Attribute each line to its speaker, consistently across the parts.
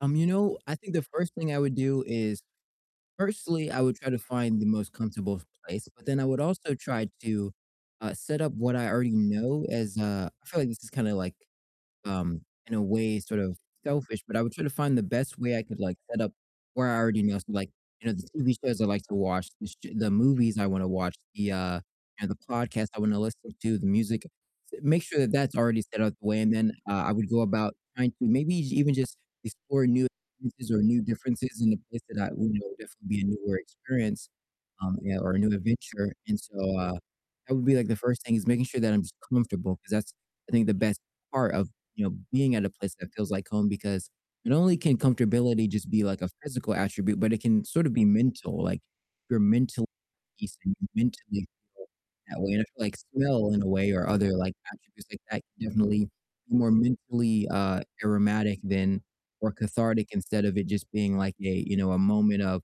Speaker 1: Um, you know, I think the 1st thing I would do is firstly, I would try to find the most comfortable place, but then I would also try to, uh, set up what I already know as, uh I feel like this is kinda, like, um, in a way, sort of selfish, but I would try to find the best way I could, like, set up where I already know, so, like, you know, the TV shows I like to watch, the sh the movies I wanna watch, the, uh, you know, the podcast I wanna listen to, the music, s make sure that that's already set up the way, and then, uh, I would go about trying to, maybe j even just explore new experiences or new differences in a place that I would know would definitely be a newer experience, um, yeah, or a new adventure, and so, uh, that would be, like, the 1st thing, is making sure that I'm just comfortable 'cause that's, I think, the best part of, you know, being at a place that feels like home because not only can comfortability just be, like, a physical attribute, but it can sort of be mental, like, if you're mentally at peace and you mentally [unintelligible] that way, and I feel like smell in a way or other, like, attributes like that can definitely be more mentally, uh, aromatic than or cathartic instead of it just being, like, a you know, a moment of,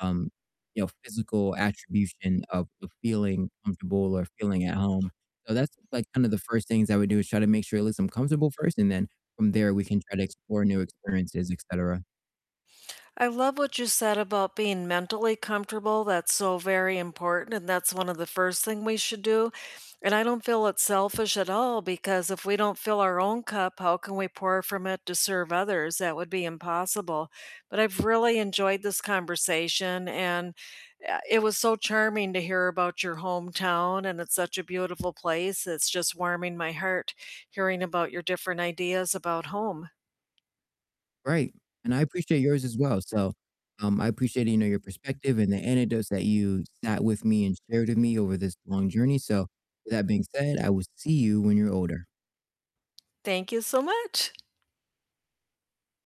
Speaker 1: um, you know, physical attribution of of feeling comfortable or feeling at home, so that's, like, kinda the first things I would do, is try to make sure at least I'm comfortable first, and then from there we can try to explore new experiences, et cetera.
Speaker 2: I love what you said about being mentally comfortable, that's so very important, and that's one of the first thing we should do, and I don't feel it's selfish at all, because if we don't fill our own cup, how can we pour from it to serve others? That would be impossible, but I've really enjoyed this conversation, and, uh, it was so charming to hear about your hometown, and it's such a beautiful place, it's just warming my heart hearing about your different ideas about home.
Speaker 1: Right, and I appreciate yours as well, so, um, I appreciate, you know, your perspective and the anecdotes that you sat with me and shared with me over this long journey, so with that being said, I will see you when you're older.
Speaker 2: Thank you so much.